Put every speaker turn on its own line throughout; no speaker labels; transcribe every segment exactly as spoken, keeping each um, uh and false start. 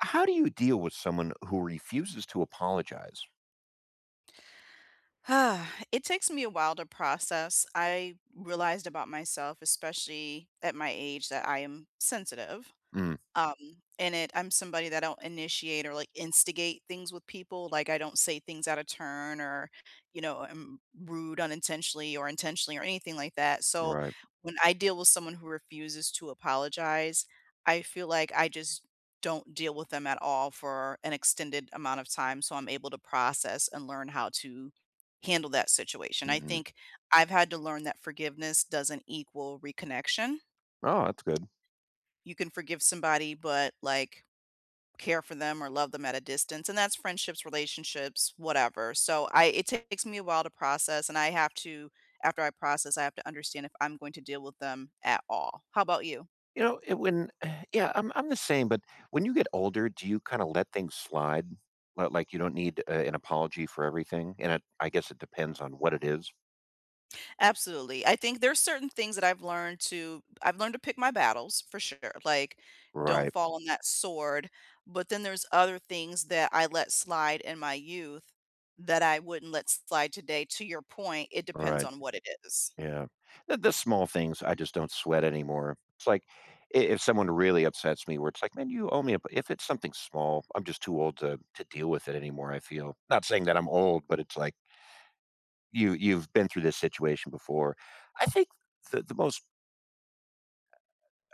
How do you deal with someone who refuses to apologize?
It takes me a while to process. I realized about myself, especially at my age that I am sensitive,
Mm.
um, and it I'm somebody that I don't initiate or, like, instigate things with people, like, I don't say things out of turn or, you know, I'm rude unintentionally or intentionally or anything like that. So
Right.
when I deal with someone who refuses to apologize, I feel like I just don't deal with them at all for an extended amount of time, so I'm able to process and learn how to handle that situation. I
Mhm.
think I've had to learn that forgiveness doesn't equal reconnection.
Oh, that's good.
You can forgive somebody, but, like, care for them or love them at a distance, and that's friendships, relationships, whatever. So I it takes me a while to process, and I have to after I process, I have to understand if I'm going to deal with them at all. How about you?
You know, it when yeah, I'm I'm the same but, when you get older, do you kinda let things slide? Li like, you don't need, eh, an apology for everything? And it I guess it depends on what it is.
Absolutely, I think there's certain things that I've learned to I've learned to pick my battles for sure. Like, don't
Right.
fall on that sword, but then there's other things that I let slide in my youth that I wouldn't let slide today, to your point, it depends
Right.
on what it is.
Yeah. The the small things, I just don't sweat anymore. It's like, i if someone really upsets me where it's like, man, you owe me a if it's something small, I'm just too old to to deal with it anymore, I feel. Not saying that I'm old, but it's like you you've been through this situation before. I think the the most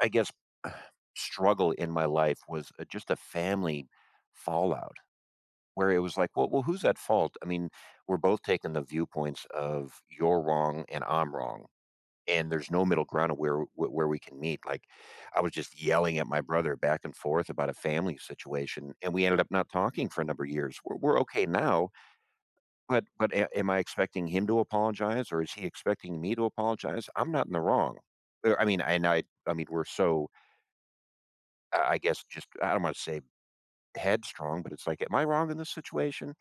I guess, struggle in my life was a just a family fallout where it was like, well well, who's at fault? I mean, we're both taking the viewpoints of you're wrong and I'm wrong, and there's no middle ground of where where we can meet. Like, I was just yelling at my brother back and forth about a family situation, and we ended up not talking for a number years, we're we're okay now, but but a am I expecting him to apologize, or is he expecting me to apologize? I'm not in the wrong. There I mean, and I I mean, we're so uh, I guess, just I Imma say headstrong, but it's like, am I wrong in this situation?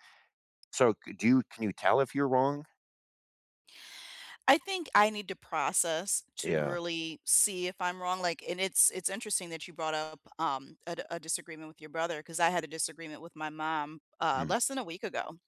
So c you can you tell if you're wrong?
I think I need to process to
Yeah.
really see if I'm wrong, like and it's it's interesting that you brought up, um, a d a disagreement with your brother, 'cause I had a disagreement with my mom, uh,
Mm.
less than a week ago.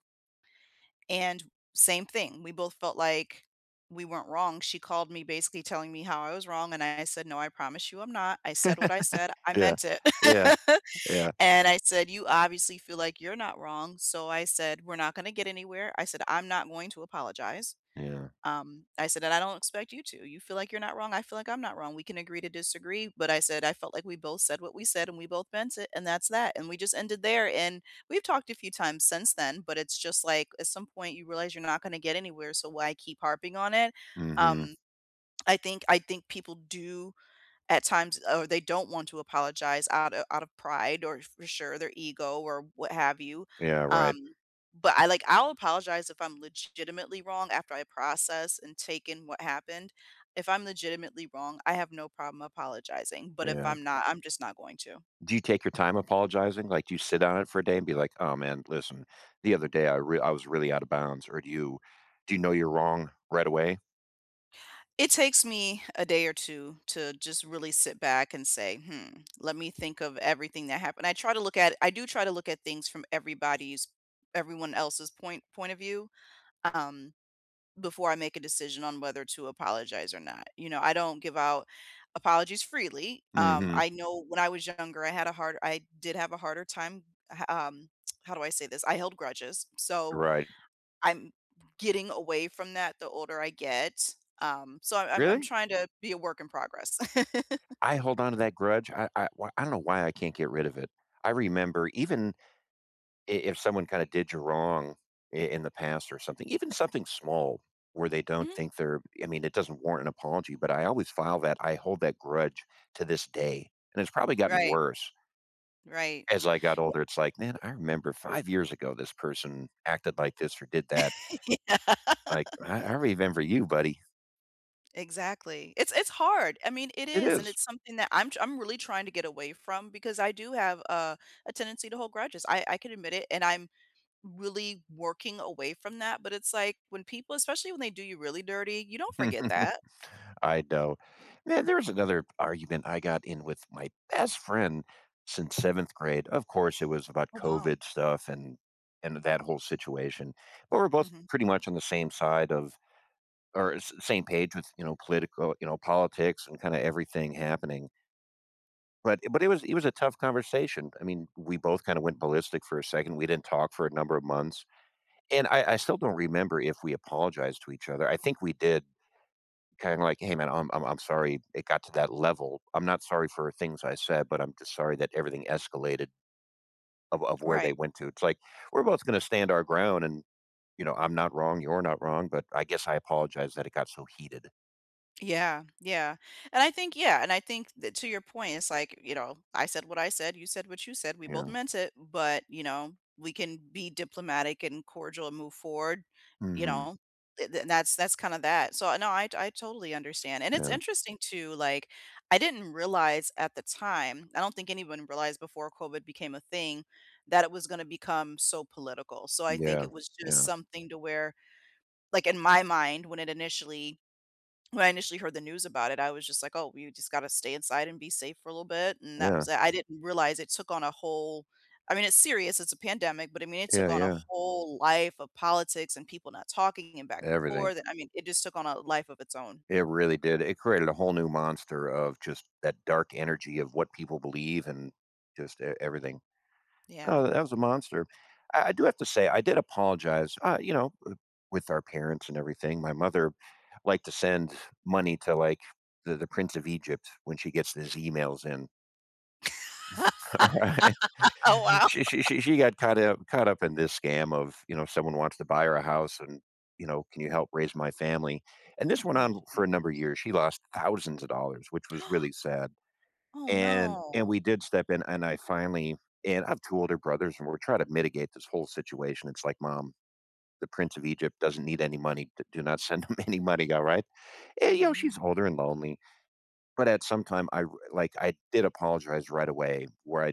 And same thing, we both felt like we weren't wrong. She called me basically telling me how I was wrong, and I said, "No, I promise you I'm not, I said what I said, I
Yeah,
meant it."
yeah, yeah.
And I said, "You obviously feel like you're not wrong," so I said, "We're not gonna get anywhere," I said, "I'm not going to apologize."
Yeah.
Um, I said, "And I don't expect you to, you feel like you're not wrong, I feel like I'm not wrong, we can agree to disagree," but I said, "I felt like we both said what we said, and we both meant it, and that's that," and we just ended there, and we've talked a few times since then, but it's just like, at some point, you realize you're not gonna get anywhere, so why keep harping on it?
Mhm.
Um I think I think people do at times or they don't want to apologize out of out of pride or, for sure, their ego or what have you.
Yeah, right.
Um, but I like I'll apologize if I'm legitimately wrong after I process and take in what happened. If I'm legitimately wrong, I have no problem apologizing. But if
Yeah.
I'm not, I'm just not going to.
Do you take your time apologizing? Like, do you sit on it for a day and be like, "Oh, man, listen, the other day, I real I was really out of bounds," or do you do you know you're wrong right away?
It takes me a day or two to just really sit back and say, "Hmm, let me think of everything that happened." I try to look at I do try to look at things from everybody's everyone else's point point of view, um, before I make a decision on whether to apologize or not. You know, I don't give out apologies freely. Um,
Mhm.
I know when I was younger, I had a hard I did have a harder time h um, how do I say this? I held grudges, so
Right.
I'm getting away from that the older I get. Um, so I'm I'm
Really?
trying to be a work in progress.
I hold on to that grudge. I I wha don't know why I can't get rid of it. I remember even i if someone kinda did you wrong i in the past or something, even something small where they don't
Mhm.
think they're I mean, it doesn't warrant an apology, but I always file that. I hold that grudge to this day, and it's probably gotten
Right.
worse
Right.
as I got
Yeah.
older, it's like, "Man, I remember five years ago this person acted like this or did that"
Yeah.
like, "I I remember you, buddy."
Exactly. It's it's hard, I mean, it
It
is, and
is.
it's something that I'm tr I'm really trying to get away from because I do have a a tendency to hold grudges. I I can admit it, and I'm really working away from that, but it's like, when people especially when they do you really dirty, you don't forget that.
I know. Man, there's another argument I got in with my best friend since seventh grade. Of course, it was about
Oh, wow.
COVID stuff and and that whole situation, but we're both
Mhm.
pretty much on the same side of or s same page with, you know, political you know, politics and kinda everything happening. But i but it was it was a tough conversation, I mean, we both kinda went ballistic for a second, we didn't talk for a number of months, and I I still don't remember if we apologized to each other, I think we did, kinda like, "Hey, man, I'm I'm I'm sorry it got to that level, I'm not sorry for the things I said, but I'm just sorry that everything escalated" "of of where they
Right.
went to." It's like, we're both gonna stand our ground and, you know, "I'm not wrong, you're not wrong, but I guess I apologize that it got so heated."
Yeah. Yeah. And I think yeah, and I think that to your point, it's like, you know, "I said what I said, you said what you said. We both
Yeah.
meant it, but," you know, "we can be diplomatic and cordial and move forward," you
Mhm.
know? Eh, th that's that's kinda that. So, no, I t I totally understand. And it's
Yeah.
interesting too, like, I didn't realize at the time- I don't think anyone realized before COVID became a thing- that it was gonna become so political. So I think
Yeah.
it was just
Yeah.
something to where, like, in my mind, when it initially when I initially heard the news about it, I was just like, "Oh, you just gotta stay inside and be safe for a little bit," and that
Yeah.
was tha I didn't realize it took on a whole I mean, it's serious, it's a pandemic, but, I mean, it
Yeah,
took on a
yeah.
whole life of politics and people not talking and back and
Everything.
forth, and, I mean, it just took on a life of its own.
It really did. It created a whole new monster of just that dark energy of what people believe and just e everything.
Yeah.
Oh, that was a monster. I I do have to say, I did apologize, uh, you know, eh, with our parents and everything. My mother liked to send money to, like, the the prince of Egypt when she gets these emails in. Alright?
Oh, wow.
She she she she got caught up caught up in this scam of, you know, someone wants to buy her a house and, you know, can you help raise my family? And this went
Oh,
on
jeez.
for a number years, she lost thousands of dollars, which was really sad,
Oh,
and
no.
and we did step in, and I finally and I have two older brothers, and we're trying to mitigate this whole situation, it's like, "Mom, the prince of Egypt doesn't need any money, d do not send him any money, alright?" And, you know, she's
Mhm.
older and lonely. But at some time, I r like, I did apologize right away where I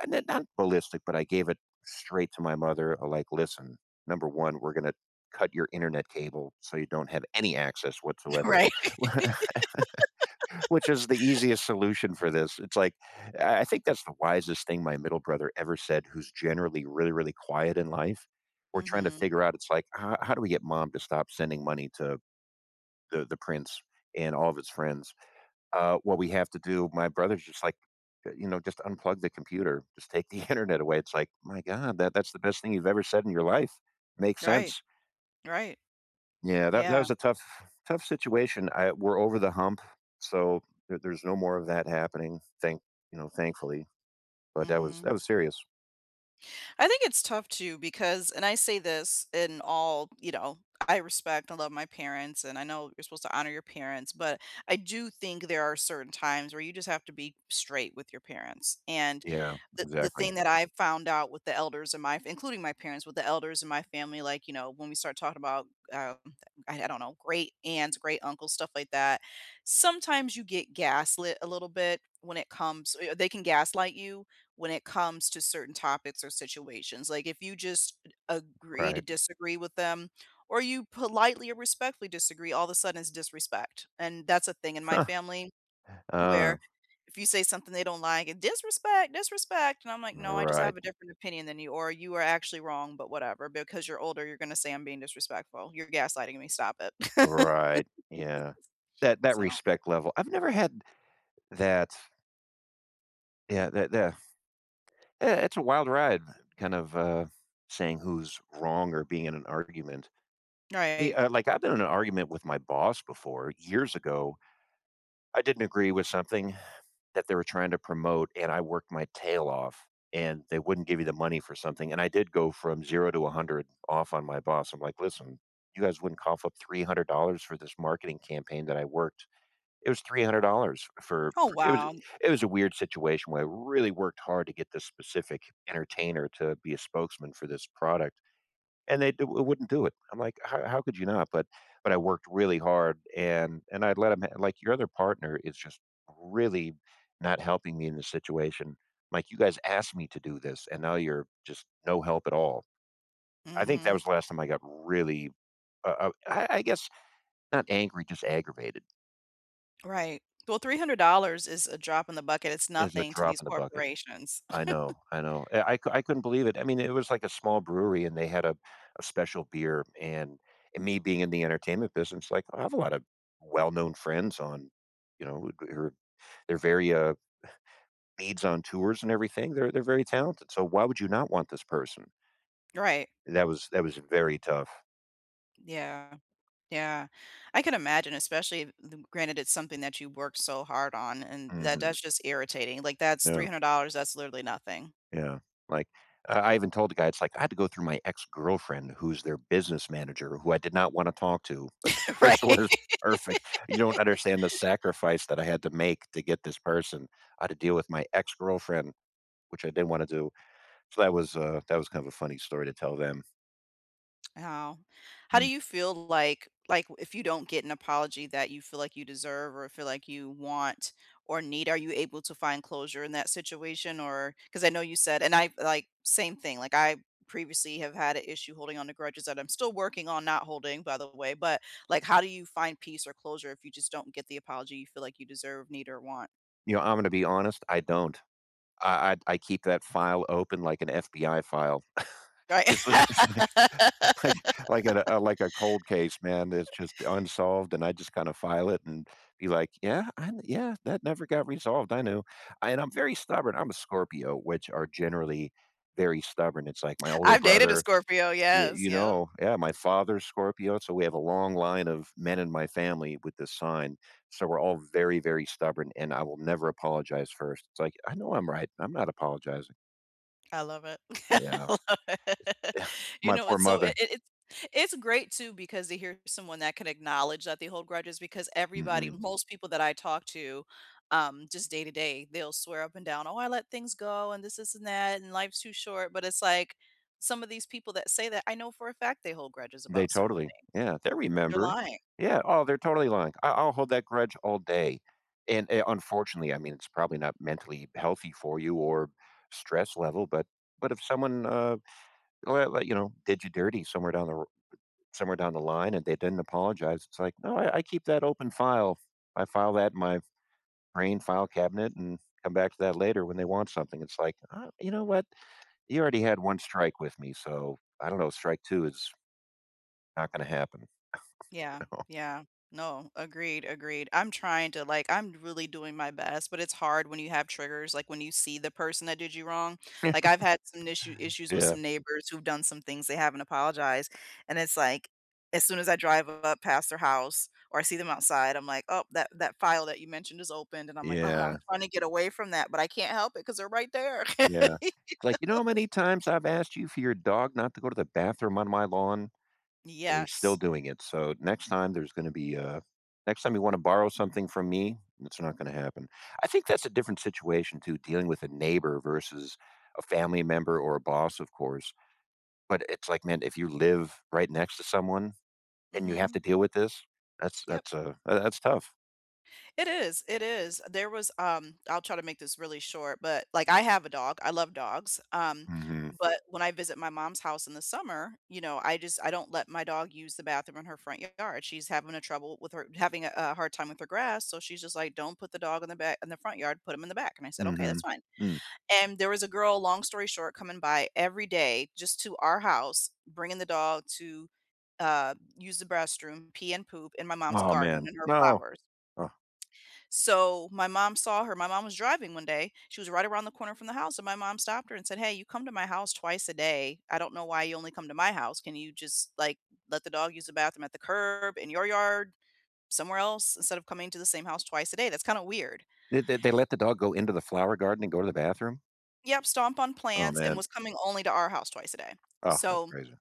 eh not not ballistic, but I gave it straight to my mother. Like, "Listen, number one, we're gonna cut your internet cable so you don't have any access whatsoever."
Right.
Which is the easiest solution for this, it's like, I I think that's the wisest thing my middle brother ever said, who's generally really, really quiet in life. We're trying to
Mhm.
figure out it's like, "Uh, how do we get mom to stop sending money to the the prince and all of his friends?" "Uh, what we have to do" my brother's just like, "You know, just unplug the computer, just take the internet away," it's like, "My god, that that's the best thing you've ever said in your life. Makes
Right.
sense."
Right.
Yeah, that that
Yeah.
was a tough tough situation, I we're over the hump, so there there's no more of that happening, thank you know, thankfully. But that was that
Mhm.
was serious.
I think it's tough too because and I say this in all, you know I respect and love my parents, and I know you're supposed to honor your parents, but I do think there are certain times where you just have to be straight with your parents, and
Yeah,
the the
exactly.
thing that I found out with the elders in my f including my parents, with the elders in my family, like, you know, when we start talking about, um, mm, uh, I don't know, great-aunts, great-uncles, stuff like that, sometimes you get gaslit a little bit when it comes they can gaslight you when it comes to certain topics or situations. Like, if you just agree to
Right.
disagree with them or you politely or respectfully disagree, all of a sudden it's disrespect, and that's a thing in my
Huh.
family
Uh.
where if you say something they don't like, "Disrespect, disrespect," and I'm like, "No, I just
Right.
have a different opinion than you, or you are actually wrong, but whatever, because you're older, you're gonna say I'm being disrespectful. You're gaslighting me, stop it."
Right, yeah. That that
So
respect level, I've never had that Yeah, that th yeah eh it's a wild ride kind of, uh, saying who's wrong or being in an argument. We
Right.
like, uh I've been in an argument with my boss before, years ago. I didn't agree with something that they were trying to promote, and I worked my tail off, and they wouldn't give you the money for something, and I did go from zero to a hundred off on my boss. I'm like, "Listen, you guys wouldn't cough up three hundred dollars for this marketing campaign that I worked." It was three hundred dollars for
Oh,
for it was
wow.
it was a weird situation where I really worked hard to get this specific entertainer to be a spokesman for this product, and they d wouldn't do it. I'm like, "How how could you not?" But but I worked really hard, and and I'd let 'em like, "Your other partner is just really not helping me in this situation. Like, you guys asked me to do this, and now you're just no help at all." I think that
Mhm.
was the last time I got really uh, I I guess not angry, just aggravated.
Right. Well, three hundred dollars is a drop in the bucket. It's
It's a
nothing to
drop
these
in the bucket.
corporations.
I know. I know. I c I couldn't believe it. I mean, it was like a small brewery, and they had a a special beer. And and me being in the entertainment business, like, I have a lot of well known friends on you know, w who they're very, uh, leads on tours and everything. They're they're very talented. So why would you not want this person?
Right.
That was that was very tough.
Yeah. Yeah. I can imagine, especially them granted it's something that you worked so hard on, and that
Mhm.
that's just irritating. Like, that's three
No.
hundred dollars. That's literally nothing.
Yeah. Like, I I even told the guy, it's like, "I had to go through my ex-girlfriend who's their business manager who I did not wanna talk to, but this person
Right.
was perfect. You don't understand the sacrifice that I had to make to get this person I had to deal with my ex-girlfriend, which I didn't wanna do." So that was, uh, that was kind of a funny story to tell them.
How how do
Mm.
you feel, like like, if you don't get an apology that you feel like you deserve or feel like you want or need? Are you able to find closure in that situation? Or 'cause I know you said and I like, same thing. Like, I previously have had a issue holding on the grudges that I'm still working on not holding, by the way. But, like, how do you find peace or closure if you just don't get the apology you feel like you deserve, need, or want?
You know, I'm gonna be honest, I don't I I I keep that file open like an FBI file.
Right.
It's li it's like it's like like at a like a cold case, man it's just unsolved, and I just kinda file it and be like, "Yeah, I yeah, that never got resolved I knew," and I'm very stubborn, I'm a Scorpio, which are generally very stubborn, it's like my older
I've dated a
brother
Scorpio,
You
yes,
you
yep.
know, yeah, my
Y
father's Scorpio, so we have a long line of men in my family with this sign so we're all very, very stubborn, and I will never apologize first it's like, "I know I'm right, I'm not apologizing."
I love it. I
Yeah, if
love it.
if
You
my
know,
poor
it's so
mother
it it It's great too because to hear someone that could acknowledge that they hold grudges because everybody,
Mhm.
most people that I talk to, um, just day to day, they'll swear up and down "Oh, I let things go and this, this, and that, and life's too short," but it's like some of these people that say that I know for a fact they hold grudges
They
about certain
totally
things.
Yeah, they
They're
remember.
lying.
Yeah, oh, they're totally lying I I'll hold that grudge all day, and, a unfortunately, I mean, it's probably not mentally healthy for you or stress level, but but if someone, uh, l l, you know, did you dirty somewhere down the ro somewhere down the line and they didn't apologize, it's like, "No, I I keep that open file, I file that in my brain file cabinet and come back to that later when they want something," it's like, "I you know what? You already had one strike with me, so I don't know strike two is" "not gonna happen."
Yeah.
You know?
Yeah. No. Agreed, agreed I'm trying to like, I'm really doing my best, but it's hard when you have triggers, like, when you see the person that did you wrong, like, I've had some issue issues with
Yeah.
some neighbors who've done some things they haven't apologized, and it's like, as soon as I drive up past their house or I see them outside, I'm like, oh, that that file that you mentioned is opened and I'm like, "Oh, I'm
Yeah.
trying to get away from that, but I can't help it 'cause they're right there." You
Yeah.
know
Like, "You know how many times I've asked you for your dog not to go to the bathroom on my lawn? And he's still
Yes.
doing it, so next time, there's gonna be a next time you wanna borrow something from me, it's not gonna happen." I think
Eh
that's a different situation too dealing with a neighbor versus a family member or a boss, of course. But it's like, man, if you live right next to someone and you have to
Mhm.
deal with this, that's
Yep.
that's a that that's tough.
It is, it is, there was, um, I'll try to make this really short but, like, I have a dog, I love dogs, um,
Mhm.
but when I visit my mom's house in the summer, you know, I just I don't let my dog use the bathroom in her front yard she's having a trouble with her having a a hard time with her grass, so she's just like, "Don't put the dog in the back in the front yard, put him in the back," and I said, "Okay, that's
Mhm.
fine."
Mm.
And there was a girl, long story short, coming by every day just to our house, bringing the dog to, uh, use the b restroom, pee and poop in my mom's
Aw,
garden
man.
and her
No.
flowers.
Ugh.
So, my mom saw her, my mom was driving one day. She was right around the corner from the house, and my mom stopped her and said, "Hey, you come to my house twice a day, I don't know why you only come to my house can you just, like, let the dog use the bathroom at the curb, in your yard, somewhere else instead of coming to the same house twice a day, that's kinda weird."
They they let the dog go into the flower garden and go to the bathroom?
Yep, stomp on
Aw,
plants and
man.
was coming only to our house twice a day.
Ah, that's
So,
crazy.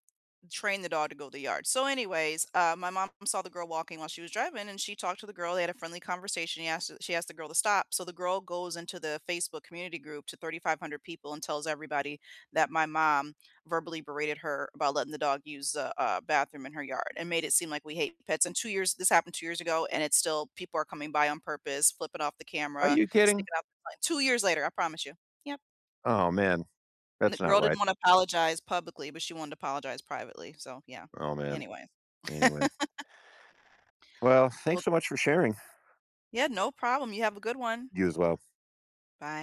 train the dog to go the yard. So, anyways, uh, my mom saw the girl walking while she was driving, and she talked to the girl, they had a friendly conversation he asked she asked the girl to stop so the girl goes into the Facebook community group to thirty-five hundred people and tells everybody that my mom verbally berated her about letting the dog use a a bathroom in her yard and made it seem like we hate pets, and two years this happened two years ago, and it's still, people are coming by on purpose, flipping off the
Are
camera,
you kidding?
sticking off the f two years later, I promise you. Yep.
Aw, man.
And the
That's not
girl didn't
right.
wanna apologize publicly, but she wanted to apologize privately, so yeah,
Aw, man.
anyway.
Anyway. Well,
Well
thanks so much for sharing.
Yeah, no problem you have a good one.
You as well.
Bye.